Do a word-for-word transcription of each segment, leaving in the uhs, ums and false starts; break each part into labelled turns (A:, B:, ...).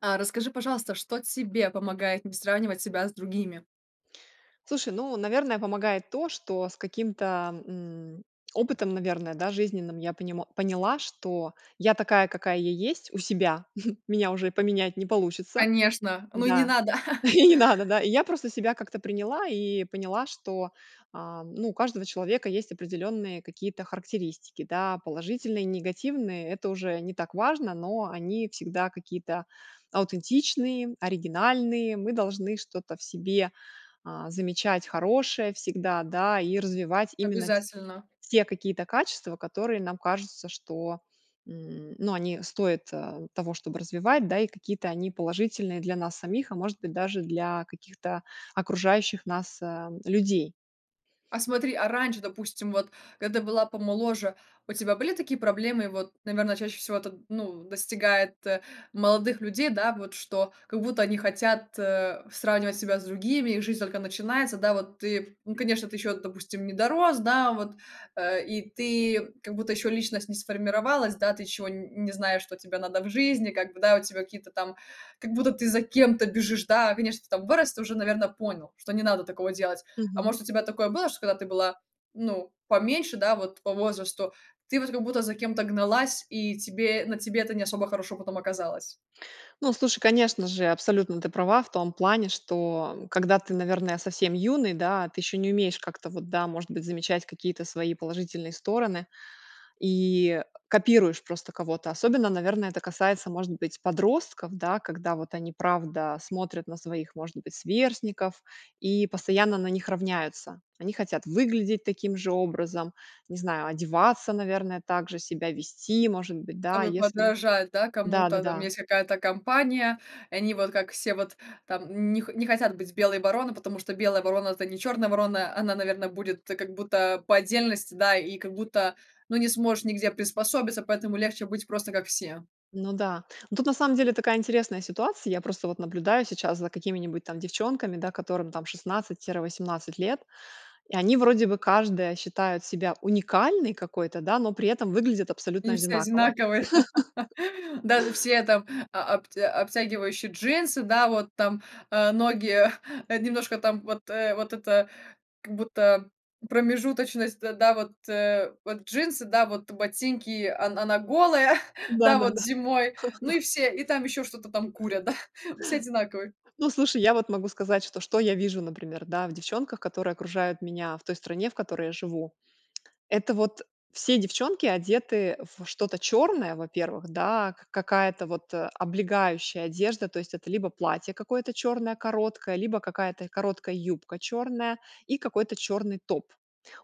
A: А расскажи, пожалуйста, что тебе помогает не сравнивать себя с другими?
B: Слушай, ну, наверное, помогает то, что с каким-то, м, опытом, наверное, да, жизненным я понимо поняла, что я- такая, какая я есть у себя. Меня уже и поменять не получится.
A: Конечно, ну и не
B: Да.
A: надо.
B: И не надо, да. И я просто себя как-то приняла и поняла, что, а, ну, у каждого человека есть определенные какие-то характеристики, да. Положительные и негативные- это уже не так важно, но они всегда какие-то аутентичные, оригинальные. Мы должны что-то в себе, а, замечать хорошее всегда, да, и развивать именно ть
A: Обязательно.
B: те какие-то качества, которые нам кажутся, что, м, ну, они стоят, а, того, чтобы развивать, да. И какие-то они положительные для нас самих, а, может быть, даже для каких-то окружающих нас, а, людей.
A: А смотри, а раньше, допустим, вот когда ты была помоложе, у тебя были такие проблемы? Вот, наверно, чаще всего это, ну, достигает, молодых людей, да, вот, что как будто они хотят, э, сравнивать себя с другими, их жизнь только начинается, да, вот ты, ну, конечно, ты ещё, допустим, не дорос, да, вот, э, и ты как будто еще личность не сформировалась, да, ты чего н не знаешь, что тебе надо в жизни, как бы, да, у тебя какие-то там как будто, ты за кем-то бежишь, да. Конечно, ты там вырос, ты уже, наверно, понял, что не надо такого делать. А
B: Мгм.
A: может у тебя такое было, что когда ты была, ну, поменьше, да, вот по возрасту, ты вот как будто за кем-то гналась, и тебе на тебе это не особо хорошо потом оказалось?
B: Ну, слушай, конечно же, абсолютно ты права в том плане, что когда ты, наверное, совсем юный, да, ты еще не умеешь как-то вот, да, может быть, замечать какие-то свои положительные стороны и копируешь просто кого-то. Особенно, наверное, это касается, может быть, подростков, да, когда вот они правда смотрят на своих, может быть, сверстников, и постоянно на них равняются. Они хотят выглядеть таким же образом, не знаю, одеваться, наверное, так же себя вести, может быть, да,
A: Чтобы
B: если
A: подражать, да, кому-то там.
B: Да-да-да.
A: Есть какая-то компания, и они вот, как все, вот там них не хотят быть белой вороной, потому что белая ворона- это не чёрная ворона, она, наверно, будет как будто по отдельности, да, и как будто ну, не сможешь нигде приспособиться, поэтому легче быть просто, как все.
B: Ну да. Ну тут, на самом деле, такая интересная ситуация. Я просто вот наблюдаю сейчас за какими-нибудь там девчонками, да, которым там шестнадцать тире восемнадцать лет, и они вроде бы каждая считает себя уникальной какой-то, да, но при этом выглядят абсолютно
A: И все
B: одинаково.
A: одинаковые. Даже все там а а аб обтягивающие джинсы, да, вот там, э, ноги немножко там вот, э, вот это, как будто, промежуточность, д да, вот, э, вот джинсы, да, вот ботинки, он она голая, да, вот
B: Да-да-да.
A: зимой, ну и все и там ещё что-то там курят, да. Все одинаковые.
B: Ну, слушай, я вот могу сказать, что, что я вижу, например, да, в девчонках, которые окружают меня, в той стране, в которой я живу. Это вот: все девчонки одеты во что-то черное, во первых, да. Ка какая-то вот, э, облегающая одежда, то есть это либо платье какое-то черное короткое, либо какая-то короткая юбка черная и какой-то черный топ.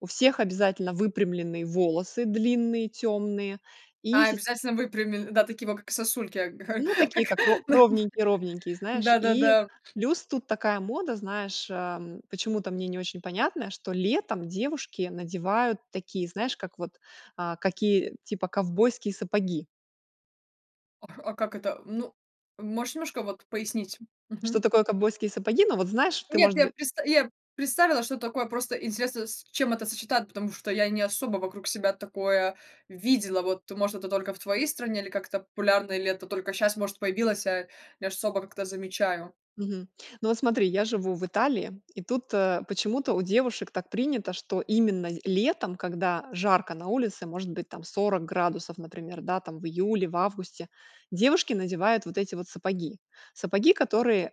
B: У всех обязательно выпрямленные волосы, длинные тёмные и
A: А,
B: сис
A: обязательно выпрями, да, такие вот, как сосульки, а как
B: Ну, такие, как ро ровненькие-ровненькие, знаешь. И
A: Да-да-да.
B: плюс тут такая мода, знаешь, ам, почему-то мне не очень понятно, что летом девушки надевают такие, знаешь, как вот, а, какие, типа ковбойские сапоги.
A: Ах, а как это? Ну, можешь немножко вот пояснить?
B: Что
A: Мгм.
B: такое ковбойские сапоги? Ну, вот знаешь, ты,
A: Нет,
B: может
A: я
B: бы
A: предста я представила, что такое. Просто интересно, с с чем это сочетать, потому что я не особо вокруг себя такое видела. Вот, может, это только в твоей стране или как-то популярно, или это только щас, может, появилось, а я ж не особо как то замечаю.
B: Мгм. Ну вот смотри, я живу в Италии и тут, э, почему-то у девушек так принято, что именно з летом, когда жарко на улице, может быть, там сорок градусов, например, да, там, в июле, в августе, девушки надевают вот эти вот сапоги. Сапоги, которые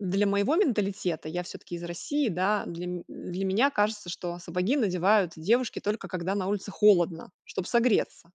B: для моего менталитета- я всё-таки из России, да, для ме для меня кажется, что сапоги надевают девушки только когда на улице холодно, чтоб согреться.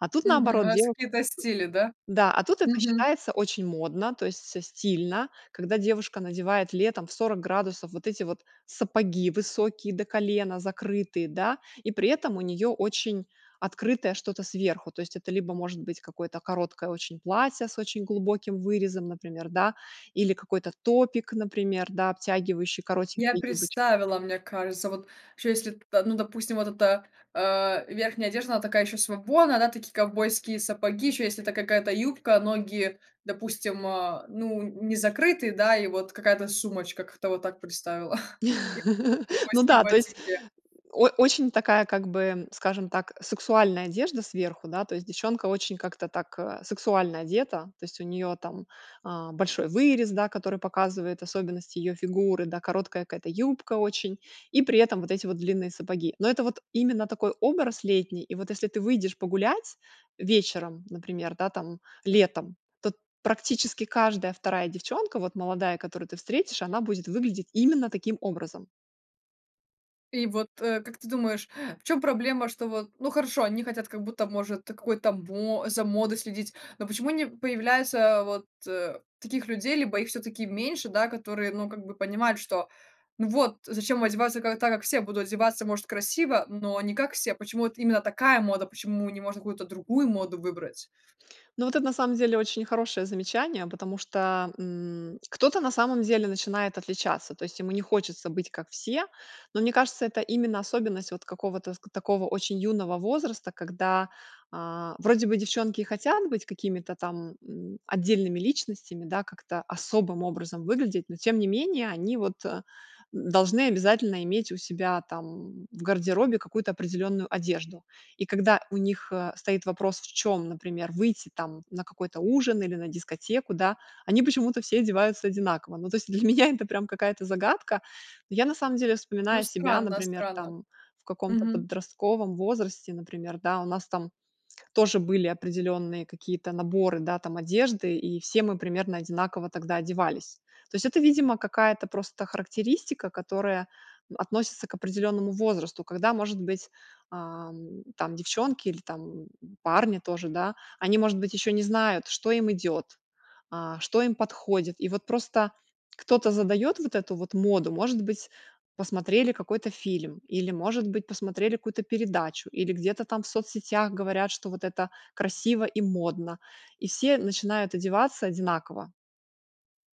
B: А тут-
A: Мгм.
B: наоборот
A: Раз
B: деву
A: какие-то стили, да?
B: Да, а тут это
A: Мгм.
B: считается очень модно, то есть со стильно, когда девушка надевает летом в сорок градусов вот эти вот сапоги высокие до колена, закрытые, да. И при этом у нее очень открытое что-то сверху. То есть это либо может быть какое-то короткое очень платье с очень глубоким вырезом, например, да, или какой-то топик, например, да, обтягивающий,
A: Я
B: коротенькие юбоч
A: представила, мне кажется. Вот чё если п ну, допустим, вот эта, а, верхняя одежда, она такая еще свободная, да, такие ковбойские сапоги, еще если это какая-то юбка, ноги, допустим, а, ну н не закрытые, да, и вот какая-то сумочка. Как-то вот так представила. И
B: Ну
A: ковбойские
B: да, то есть
A: ботинки.
B: о очень такая, как бы, скажем так, сексуальная одежда сверху, да. То есть девчонка очень как-то так, а, сексуально одета. То есть у нее там, а, большой вырез, да, который показывает особенности ее фигуры, да, короткая какая-то юбка очень, и при этом вот эти вот длинные сапоги. Но это вот именно такой образ летний. И вот, если ты выйдешь погулять вечером, например, да, там, летом, то практически каждая вторая девчонка, вот молодая, которую ты встретишь, она будет выглядеть именно таким образом.
A: И вот, э, как ты думаешь, в чем проблема, что вот, ну, хорошо, они хотят, как будто, может, та какой-то мо за модой следить, но почему не появляется вот, э, таких людей, либо их всё таки меньше, да, которые, ну, как бы, понимают, что, ну, вот зачем одеваться как так, как все будут одеваться, может красиво, но не как все. Почему вот именно такая мода, почему не можно какую-то другую моду выбрать?
B: Ну вот это, на самом деле, очень хорошее замечание, потому что, м, кто-то, на самом деле, начинает отличаться. То есть ему не хочется быть как все. Ну мне кажется, это именно особенность вот какого-то ск такого очень юного возраста, когда, а, вроде бы девчонки и хотят быть какими-то там, м, отдельными личностями, да, как-то особым образом выглядеть, но, тем не менее, они вот, э, н должны обязательно иметь у себя там в гардеробе какую-то определенную одежду. И когда у них, э, стоит вопрос, в чем, например, выйти там на какой-то ужин, или на дискотеку, да, они почему-то все одеваются одинаково. Ну то есть для меня это прям какая-то загадка. Я, на самом деле,
A: Ну
B: вспоминаю себя,
A: странно,
B: например,
A: странно.
B: там в каком-то
A: Мгм.
B: подростковом возрасте, например, да, у нас там тоже были определенные какие-то наборы, да, там одежды, и все мы примерно одинаково тогда одевались. То есть, это, видимо, какая-то просто характеристика, которая относится к определенному возрасту. Когда, может быть, ам, там девчонки, или там, м, парни тоже, да, они может быть еще не знают, что им идет, а, что им подходит. И вот просто кто-то задает вот эту вот моду. Может быть, посмотрели какой-то фильм или, может быть, посмотрели какую-то передачу, или где-то там в соцсетях говорят, что вот это красиво и модно. И все начинают одеваться одинаково.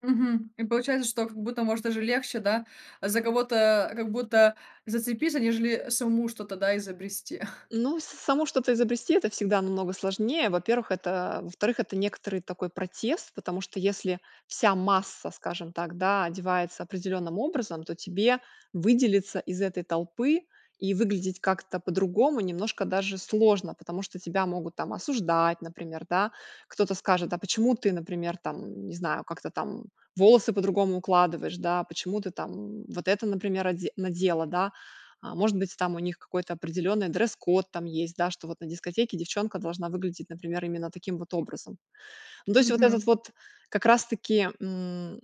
A: Мгм, и получается, что, как будто, может даже легче, да, за кого-то, как будто, зацепиться, нежели самому что-то, да, изобрести.
B: Ну, с самому что-то изобрести- это всегда намного сложнее. Во-первых, это, э, во-вторых некоторый такой протест, потому что если вся масса, скажем так, да, одевается определенным образом, то тебе выделиться из этой толпы, и выглядеть как-то по-другому, немножко даже сложно, потому что тебя могут там осуждать, например, да. Кто-то скажет: "А почему ты, например там, не знаю как-то там волосы по-другому укладываешь, да, почему ты там, м, вот это, например, оде надела", да. А может быть, там у них какой-то определенный дресс-код там есть да, что вот на дискотеке девчонка должна выглядеть, например, именно таким вот образом. Ну, то есть вот этот
A: Мгм.
B: вот как раз-таки, м,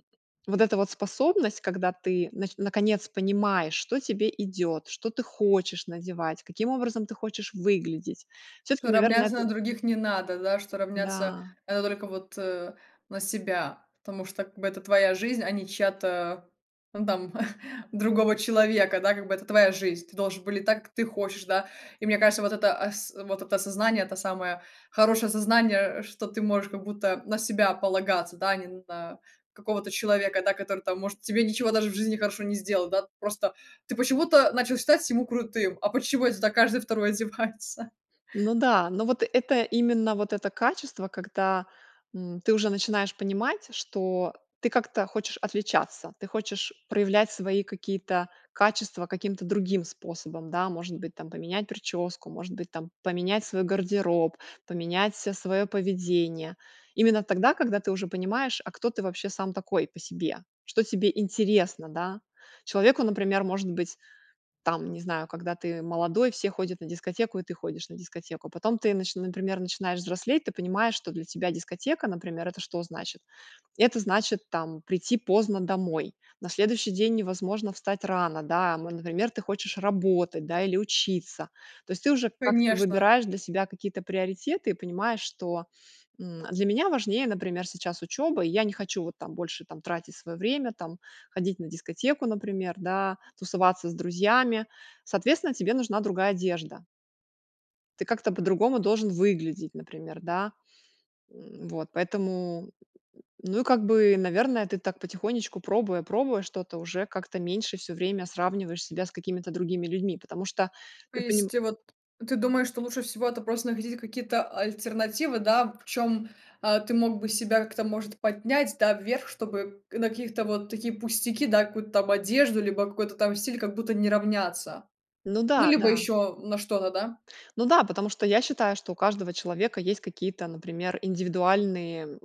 B: вот эта вот способность, когда ты нач наконец понимаешь, что тебе идет, что ты хочешь надевать, каким образом ты хочешь выглядеть, все-таки,
A: Что
B: наверное,
A: равняться на
B: это
A: других не надо, да, что равняться
B: Да.
A: надо только вот, э, на себя, потому что, как бы, это твоя жизнь, а не чья-то, ну, там другого человека, да, как бы, это твоя жизнь, ты должен выглядеть так, как ты хочешь, да. И мне кажется, вот это ас вот это осознание- это самое хорошее осознание, что ты можешь, как будто, на себя полагаться, да, не на какого-то человека, да, который там может тебе ничего даже в жизни хорошего не сделал. Да, просто ты почему-то начал считать ему крутым, а почему, это так каждый второй одевается.
B: Ну да, ну вот это именно вот это качество, когда, м, ты уже начинаешь понимать, что ты как-то хочешь отличаться, ты хочешь проявлять свои какие-то качества каким-то другим способом, да. Может быть там, поменять прическу, может быть там, поменять свой гардероб, поменять ся своё поведение. Именно тогда, когда ты уже понимаешь, а кто ты, вообще, сам такой по себе, что тебе интересно, да. Человеку, например, может быть, там, не знаю, когда ты молодой, все ходят на дискотеку, и ты ходишь на дискотеку. Потом ты нач например начинаешь взрослеть, ты понимаешь, что для тебя дискотека, например, это что значит- это значит там прийти поздно домой. На следующий день невозможно встать рано, да, ам, например, ты хочешь работать, да, или учиться. То есть ты уже как-то
A: Конечно.
B: выбираешь для себя какие-то приоритеты и понимаешь, что, м, для меня важнее, например, сейчас учеба, и я не хочу вот там больше там тратить свое время, там ходить на дискотеку например, да, тусоваться с друзьями. Соответственно тебе нужна другая одежда. Ты как-то по-другому должен выглядеть например, да, м, вот. Поэтому, ну, и как бы, наверное, ты так потихонечку пробуя пробуя что-то, уже как-то меньше всё время сравниваешь себя с какими-то другими людьми, потому что
A: То
B: ты поним
A: есть вот ты думаешь, что лучше всего- это просто находить какие-то альтернативы, да, в чём, а, ты мог бы себя как-то может поднять, да, вверх, чтобы на каких-то вот такие пустяки, да, какую-то там одежду, либо какой-то там стиль, как будто не равняться,
B: Ну
A: ну,
B: да,
A: либо
B: да.
A: ещё на что-то, да.
B: Ну да, потому что я считаю, что у каждого человека есть какие-то, например, индивидуальные, м,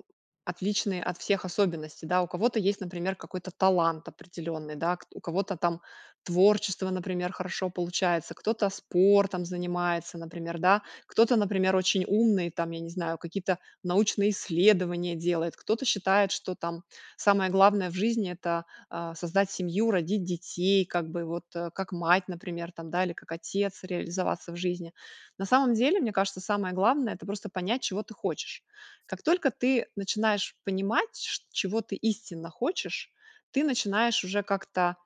B: отличные от всех, особенности, да, у кого-то есть, например, какой-то талант определенный, да. Кт у кого-то там творчество, например, хорошо получается, кто-то спортом занимается, например, да, кто-то, например, очень умный, там я не знаю какие-то научные исследования делает, кто-то считает, что там самое главное в жизни- это, а, создать семью, родить детей, как бы, вот, э, как мать, например, там да, или как отец реализоваться в жизни. На самом деле, мне кажется, самое главное это просто понять чего ты хочешь. Как только ты начинаешь понимать шт чего ты истинно хочешь, ты начинаешь уже как-то,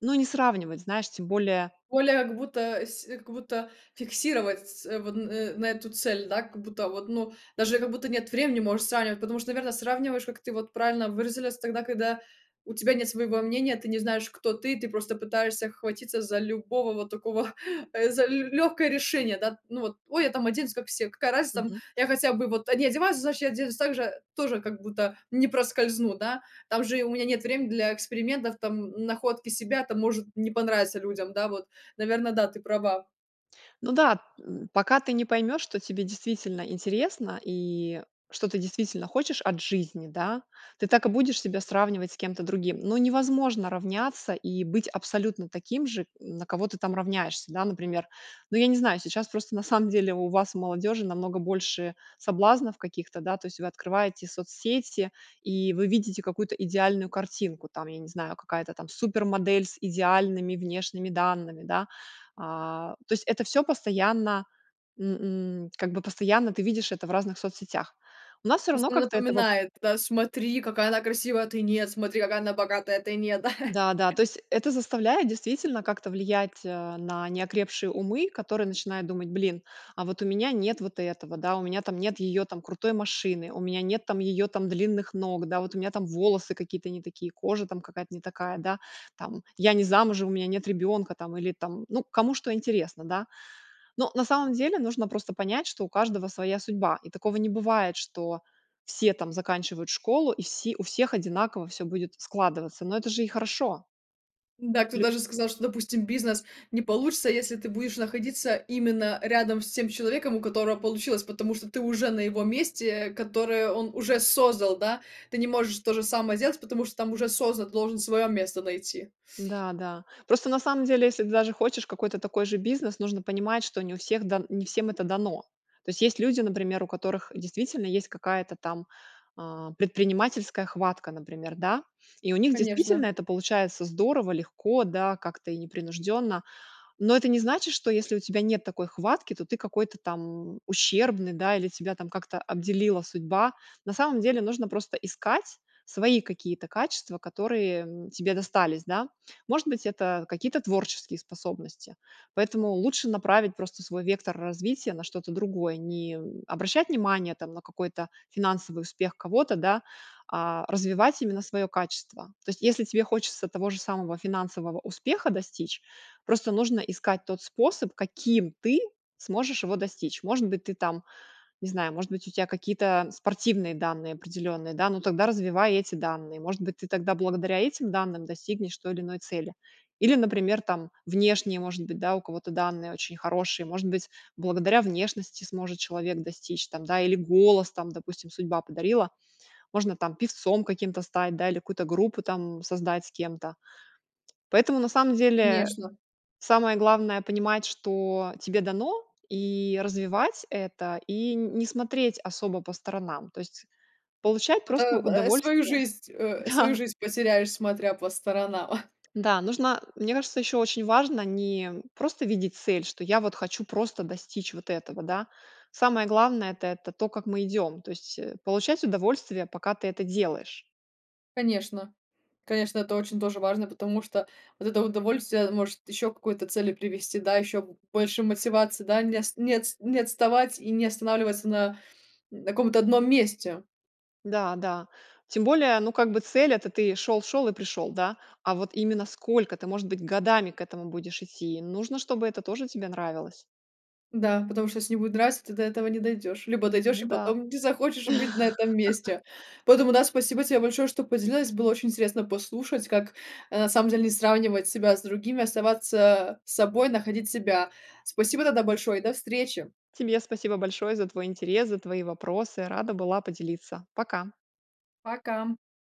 B: ну, не сравнивать, знаешь, тем более
A: Более, как будто с как будто, фиксировать ц вон н на эту цель, да, как будто, вот, ну, даже я, как будто, нет времени можешь сравнивать, потому что наверно, сравниваешь, как ты вот правильно выразилясь, тогда, когда у тебя нет своего мнения, ты не знаешь кто ты, ты просто, пытаешься хватиться за любого вот такого, э, за л лёгкое решение, да. Ну вот: "Ой, я там оденусь как все, какая разница, там
B: Мгм.
A: я хотя бы вот они одеваются, значит, я оденусь также, тоже, как будто не проскользну. Да, там же и у меня нет времени для экспериментов, там, м, находки себя там может не понравиться людям". Да вот, наверно, да ты права.
B: Ну да! М, пока ты не поймешь, что тебе действительно интересно, и что ты действительно хочешь от жизни, да, ты так и будешь себя сравнивать с кем-то другим. Ну невозможно равняться, и быть абсолютно таким же, м, на кого ты там равняешься, да. Например, ну я не знаю, сейчас просто, на самом деле, у вас, у молодежи, намного больше соблазнов каких-то, да. То есть вы открываете соцсети, и вы видите какую-то идеальную картинку там, я не знаю, какая-то там супермодель с идеальными внешними данными, да. А, то есть это всё постоянно н н как бы постоянно ты видишь это в разных соцсетях. У нас всё равно
A: Просто
B: как-то этого
A: напоминает, да, смотри какая она красивая, а ты нет, смотри какая она богатая, а ты нет, да.
B: Да-да, то есть это заставляет действительно как-то влиять, э, на неокрепшие умы, которые начинают думать: "Блин, а вот у меня нет вот этого, да, у меня там нет её там крутой машины, у меня нет там её там длинных ног, да, вот у меня там волосы какие-то не такие, кожа там какая-то не такая, да, там я не замужем, у меня нет ребенка", там, или там ну кому что интересно, да. Но на самом деле, нужно просто понять, что у каждого своя судьба, и такого не бывает, что все там заканчивают школу, и все у всех одинаково всё будет складываться. Но это же и хорошо.
A: Да, кто
B: Лю
A: даже сказал, что, допустим, бизнес не получится, если ты будешь находиться именно рядом с тем человеком, у которого получилось, потому что ты уже на его месте, э, которое он уже создал, да. Ты не можешь то же самое сделать, потому что там уже создан, ты должен своё место найти.
B: Да, да. Просто, на самом деле, если ты даже хочешь какой-то такой же бизнес, нужно понимать, что не у всех дан не всем это дано. То есть люди, например, у которых действительно есть какая-то там, а, предпринимательская хватка. Например, да, и у них действительно
A: Конечно.
B: это получается здорово, легко, да, как-то, и непринужденно. Но это не значит, что если у тебя нет такой хватки, то ты какой-то там ущербный, да, или тебя как-то обделила судьба. На самом деле, нужно просто искать свои какие-то качества, которые, м, тебе достались, да. Может быть, это какие-то творческие способности. Поэтому лучше направить просто свой вектор развития на что-то другое. Не, м, обращать внимание там на какой-то финансовый успех кого-то, да, а развивать именно своё качество. То есть, если тебе хочется того же самого финансового успеха достичь, просто нужно искать тот способ, каким ты сможешь его достичь. Может быть, ты там, не знаю, может быть, у тебя какие-то спортивные данные определенные, да, но тогда развивай эти данные. Может быть, ты тогда благодаря этим данным достигнешь той или иной цели. Или, например, там внешние может быть, да, у кого-то данные очень хорошие. Может быть, благодаря внешности сможет человек достичь там, да, или голос, там допустим, судьба подарила. Можно там певцом каким-то стать, да, или какую-то группу там создать с кем-то. Поэтому, на самом деле,
A: Конечно.
B: самое главное понимать, что тебе дано, и развивать это, и не смотреть особо по сторонам. То есть, получать просто
A: Это, б э, свою
B: удовольствие,
A: жизнь, э, свою
B: да.
A: жизнь потеряешь, смотря по сторонам.
B: Да, нужно, мне кажется, ещё очень важно не, м, просто видеть цель, что я вот хочу просто достичь вот этого, да. Самое главное- это это то, как мы идём. То есть, э, получать удовольствие, пока ты это делаешь.
A: Конечно, конечно, это очень тоже важно. Потому что вот это удовольствие может ещё к какой-то цели привести, да. Ещё б больше мотивации, да не ост не отс не отставать, и не останавливаться на н каком-то одном месте.
B: Да, да. Тем более, ну, как бы, цель это ты шёл, шёл и пришёл, да. А вот именно сколько? Это может быть годами к этому будешь идти. Нужно, чтобы это тоже тебе нравилось.
A: Да, потому что если не будет нравиться, ты до этого не дойдёшь, либо
B: Н
A: дойдёшь,
B: ну
A: и
B: да.
A: потом не захочешь быть на этом месте. Поэтому да, спасибо тебе большое, что поделилась. Было очень интересно послушать, как, э, на самом деле не сравнивать себя с другими, оставаться собой, находить себя. Спасибо тогда большое, и до встречи.
B: Тебе спасибо большое, за твой интерес, за твои вопросы. Рада была поделиться. Пока!
A: Пока.